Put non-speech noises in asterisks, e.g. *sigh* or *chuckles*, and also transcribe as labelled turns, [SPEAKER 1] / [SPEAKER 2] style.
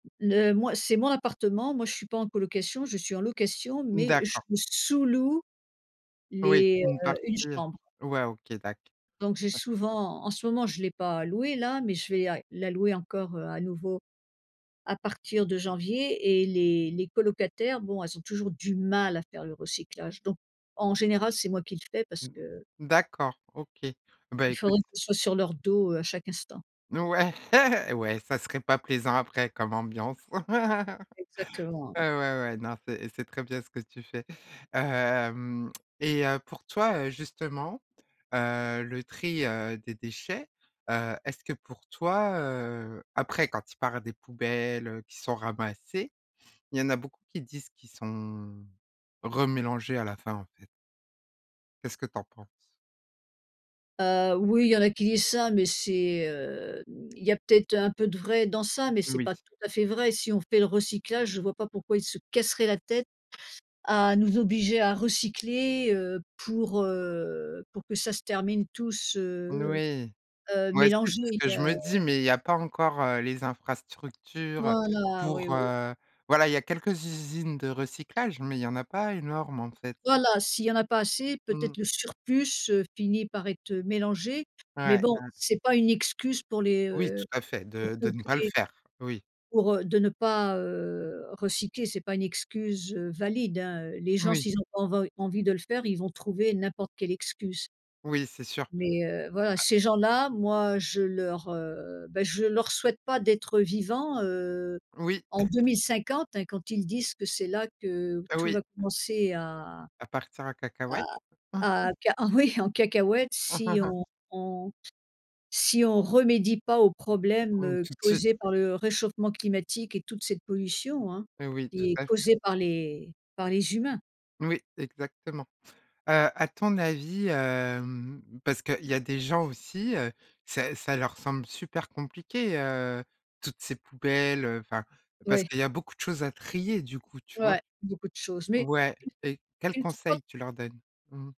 [SPEAKER 1] N heu. Moi, c'est mon appartement, moi, je suis pas en colocation, je suis en location,
[SPEAKER 2] Mmh,
[SPEAKER 1] mais je
[SPEAKER 2] d'accord.
[SPEAKER 1] sous-loue
[SPEAKER 2] Oui,
[SPEAKER 1] les,
[SPEAKER 2] une
[SPEAKER 1] heu,
[SPEAKER 2] partie,
[SPEAKER 1] une chambre.
[SPEAKER 2] ouais, OK, d'acc
[SPEAKER 1] Donc j'ai
[SPEAKER 2] ouais.
[SPEAKER 1] souvent, en ce moment je l'ai pas loué là, mais je vais à la louer encore, heu, à nouveau, à partir de janvier et les les colocataires, bon elles ont toujours du mal à faire le recyclage, donc en général c'est moi qui le fais parce
[SPEAKER 2] Mmh.
[SPEAKER 1] que...
[SPEAKER 2] D'accord OK, bah
[SPEAKER 1] Il
[SPEAKER 2] écoute
[SPEAKER 1] faudrait qu'on soit sur leur dos, heu, à chaque instant.
[SPEAKER 2] Ouais *laughs* ouais ça serait pas plaisant après comme ambiance. *laughs*
[SPEAKER 1] Exactement.
[SPEAKER 2] Heu, ouais ouais, non c'est c'est très bien ce que tu fais. Hem, et heu, pour toi, heu, justement, heu, le tri, heu, des déchets, heu, est-ce que pour toi heu après quand ils parlent des poubelles, heu, qui sont ramassées, il y en a beaucoup qui disent qu'ils sont remélangés à la fin, en fait. Qu'est-ce que t'en penses?
[SPEAKER 1] Heu, oui il y en a qui disent ça mais c'est, heu, il y a peut-être un peu de vrai dans ça mais c'est
[SPEAKER 2] Oui.
[SPEAKER 1] pas tout à fait vrai si on fait le recyclage, je vois pas pourquoi ils se casseraient la tête à nous obliger à recycler, heu, pour, heu, pour que ça se termine tous
[SPEAKER 2] N
[SPEAKER 1] heu
[SPEAKER 2] oui.
[SPEAKER 1] heu,
[SPEAKER 2] Moi aussi
[SPEAKER 1] mélangé,
[SPEAKER 2] c'est ce que je
[SPEAKER 1] heu
[SPEAKER 2] me dis mais il y a pas encore, heu, les infrastructures, heu,
[SPEAKER 1] Voilà, oui
[SPEAKER 2] pour,
[SPEAKER 1] oui.
[SPEAKER 2] heu, voilà, il y a quelques usines de recyclage mais il y en a pas énorme, en fait.
[SPEAKER 1] Voilà s'il y en a pas assez,
[SPEAKER 2] Mmh.
[SPEAKER 1] peut-être le surplus, heu, finit par être mélangé, mais
[SPEAKER 2] Ouais,
[SPEAKER 1] bon
[SPEAKER 2] ouais.
[SPEAKER 1] c'est pas une excuse pour les,
[SPEAKER 2] Oui, tout
[SPEAKER 1] heu,
[SPEAKER 2] à fait,
[SPEAKER 1] pour
[SPEAKER 2] de
[SPEAKER 1] que
[SPEAKER 2] de ne
[SPEAKER 1] que
[SPEAKER 2] pas le
[SPEAKER 1] les
[SPEAKER 2] faire, oui.
[SPEAKER 1] pour, heu, de ne pas, heu, recycler, c'est pas une excuse, heu, valide hein. Les gens
[SPEAKER 2] Oui.
[SPEAKER 1] s'ils ont pas env envie de le faire, ils vont trouver n'importe quelle excuse.
[SPEAKER 2] Oui, c'est sûr.
[SPEAKER 1] Mais heu, voilà,
[SPEAKER 2] Heu
[SPEAKER 1] ces gens-là, moi je leur, heu, bah je ne leur souhaite pas d'être vivant, heu,
[SPEAKER 2] Oui.
[SPEAKER 1] en 2050, hein, quand ils disent que c'est là que tout
[SPEAKER 2] Oui.
[SPEAKER 1] va commencer à
[SPEAKER 2] A partir en
[SPEAKER 1] à
[SPEAKER 2] cacahuète.
[SPEAKER 1] à
[SPEAKER 2] *chuckles*
[SPEAKER 1] ca oui en cacahuète si
[SPEAKER 2] *chuckles*
[SPEAKER 1] on on si on remédie pas aux
[SPEAKER 2] Mmh. Mmh.
[SPEAKER 1] problèmes
[SPEAKER 2] Tout de suite.
[SPEAKER 1] causés par le réchauffement climatique et toute cette pollution hein,
[SPEAKER 2] Mais oui, tout
[SPEAKER 1] qui est
[SPEAKER 2] à fait.
[SPEAKER 1] causée par les par les humains.
[SPEAKER 2] Oui, exactement! Heu, à ton avis, hem, parce qu'il y a des gens aussi, heu, ça ça leur semble super compliqué, heu, toutes ces poubelles, heu, enfin, parce
[SPEAKER 1] Ouais.
[SPEAKER 2] qu'il y a beaucoup de choses à trier, du coup, tu vois?
[SPEAKER 1] Ouais, beaucoup de choses, mais
[SPEAKER 2] Ouais, et quels
[SPEAKER 1] il il faut
[SPEAKER 2] conseils tu leur donnes? Mmh.